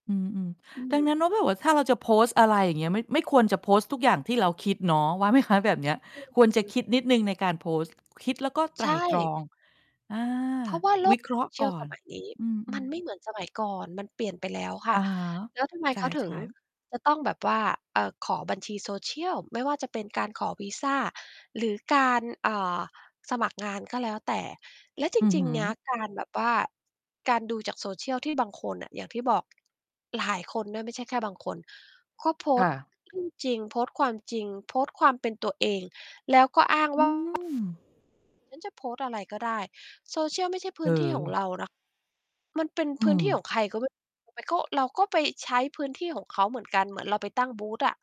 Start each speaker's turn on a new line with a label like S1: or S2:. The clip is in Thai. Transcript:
S1: อืม
S2: อื
S1: ๆ ดัง
S2: ม
S1: นั้นแล้วแบบว่า ถ้าเราจะโพสต์ อะไรอย่างเงี้ย ม ไม่ควรจะโพสต์ทุกอย่างที่เราคิดเนาะ ว่า ไหม คะ แบบเนี้ย?
S2: ก็
S1: ค
S2: ค
S1: วร
S2: ื
S1: จะ
S2: อ
S1: คิดนิดหนึ่งในการโพสต์ คิดแล้วก็ไ
S2: ใ
S1: ต
S2: ช
S1: ร่ตร
S2: ่
S1: อง อา
S2: เพราะว่า โล
S1: วิ
S2: ก
S1: เคราะห์ก่
S2: cial
S1: อ
S2: ส
S1: น
S2: มัยนี้
S1: อื
S2: มั
S1: อ
S2: น
S1: ๆ
S2: ไม่เหมือนสมัยก่อน มันเปลี่ยนไปแล้วค่
S1: อ
S2: ะ
S1: ะฮะ
S2: แล้วทำไม
S1: ใช
S2: เขาถึง
S1: ่ ๆ
S2: จะต้องแบบว่า เอ่อ ขอบัญชี social ไม่ว่าจะเป็นการขอวีซา หรือการ เอ่อ สมัครงาน ก็แล้วแต่ แล้วจ
S1: อือ
S2: ร
S1: ฮ
S2: ิง
S1: ึ
S2: ๆ เนี้ย การแบบว่า การดูจาก social ที่บางคนอะ อย่างที่บอก หลายคนด้วย ไม่ใช่แค่บางคน ก็โพ
S1: ค
S2: ส
S1: ่
S2: ต์
S1: ะ
S2: เรื่องจริง โพสต์ความจริง โพสต์ความเป็นตัวเอง
S1: อื
S2: แล้วก็ อ้างว่า
S1: ม
S2: "ฉันจะโพสต์อะไรก็ได้" social ไม่ใช่พ
S1: เ
S2: ื้นที่ของ
S1: ออ
S2: เราเนาะ มันเป็น
S1: อื
S2: พื้นที่ข
S1: ม
S2: องใคร ก็ไม่รู้ ไปก็ เราก็ไปใช้พื้นที่ของเขาเหมือนกัน เหมือนเราไปตั้งบูทอะ